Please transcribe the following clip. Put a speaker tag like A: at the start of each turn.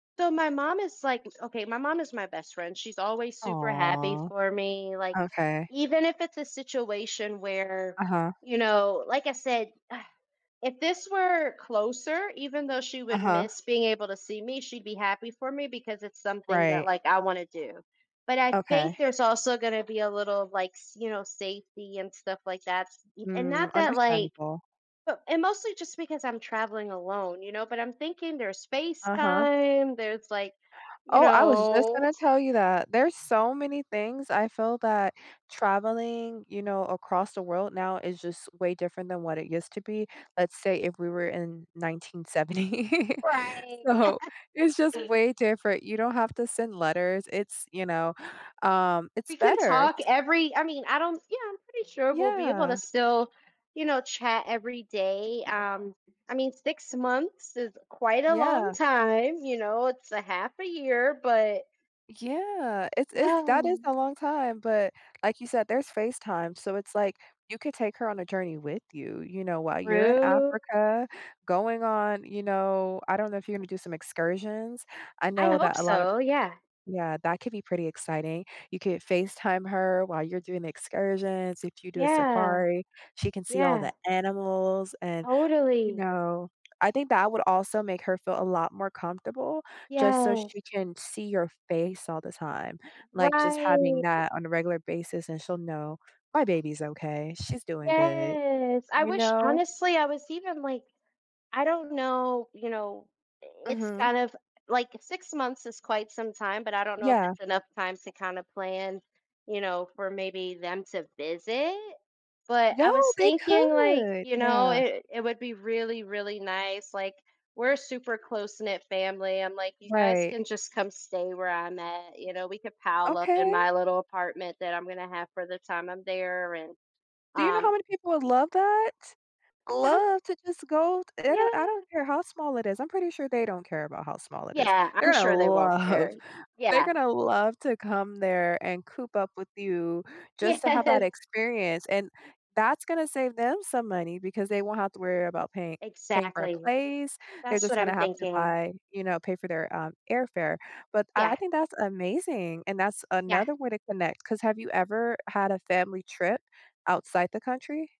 A: So, my mom is like Okay, my mom is my best friend, she's always super happy
B: Aw.
A: for me, like,
B: Okay.
A: even if it's a situation where,
B: Uh-huh.
A: you know, like I said, uh, if this were closer, even though she would
B: Uh-huh.
A: miss being able to see me, she'd be happy for me because it's something that,
B: Right.
A: like, I wanna do. But I think
B: Okay.
A: there's also gonna be a little like s you know, safety and stuff like that s e and
B: Hmm,
A: not that like
B: understandable.
A: but and mostly just because I'm traveling alone, you know, but I'm thinking there's
B: Uh-huh.
A: FaceTime, there's like, you
B: Oh, I was just
A: know
B: gonna tell you that. There's so many things I feel that traveling, you know, across the world now is just way different than what it used to be. Let's say if we were in 1970.
A: Right.
B: So, it's just way different. You don't have to send letters. It's, you know, um, it's
A: We can
B: better
A: talk
B: s
A: every I mean, I don't, yeah, I'm pretty sure we'll be able to
B: Yeah.
A: still, you know, chat every day, um, I mean, 6 months is quite a long
B: Yeah.
A: time, you know, it's a half a year, but
B: Yeah, it's it's that is a long time, but, like you said, there's FaceTime, so it's like, you could take her on a journey with you, you know, while you're in
A: True.
B: Africa, going on, you know I don't know if you're gonna do some excursions. I
A: I
B: know
A: hope
B: that a lot of
A: so, yeah.
B: Yeah, that could be pretty exciting. You could FaceTime her while you're doing the excursions. If you do a
A: Yeah.
B: safari, she can see all the
A: Yeah.
B: animals and, you
A: Totally.
B: know, I think that would also make her feel a lot more comfortable, just so
A: Yes.
B: she can see your face all the time. Like, just having
A: Right.
B: that on a regular basis, and she'll know, "My baby's okay, she's doing good,"
A: Yes. I
B: you
A: wish
B: know?
A: honestly, I was even like, I don't know, you know, i it's
B: Mhm.
A: kind of, like, 6 months is quite some time, but I don't know if
B: Yeah.
A: it's enough time to kinda plan, you know, for maybe them to visit. But
B: Yo,
A: I was
B: they
A: thinking, like,
B: could.
A: you know,
B: Yeah.
A: it it would be really, really nice, like, we're a super close-knit family. I'm like, you guys
B: Right.
A: can just come stay where I'm at. You know, we could pile up in
B: Okay.
A: my little apartment that I'm gonna have for the time I'm there, and,
B: Do you know how
A: um
B: many people would love that?
A: Uh-huh.
B: Love to just go t they don't I
A: Yeah.
B: don't care how small it is. I'm pretty sure they don't care about how small it is.
A: Yeah, I'm
B: They're gonna
A: sure they won't
B: love
A: care,
B: they're
A: yeah.
B: gonna love to come there and coop up with you just to have that
A: Yes.
B: experience, and that's gonna save them some money, because they won't have to worry about pay paying for a
A: Exactly.
B: place. They're
A: That's
B: just
A: what
B: gonna
A: I'm
B: have to
A: thinking.
B: buy you know, pay for their, um, airfare. But
A: Yeah.
B: I think that's amazing, and that's
A: Yeah.
B: another way to connect, 'cause have you ever had a family trip outside the country?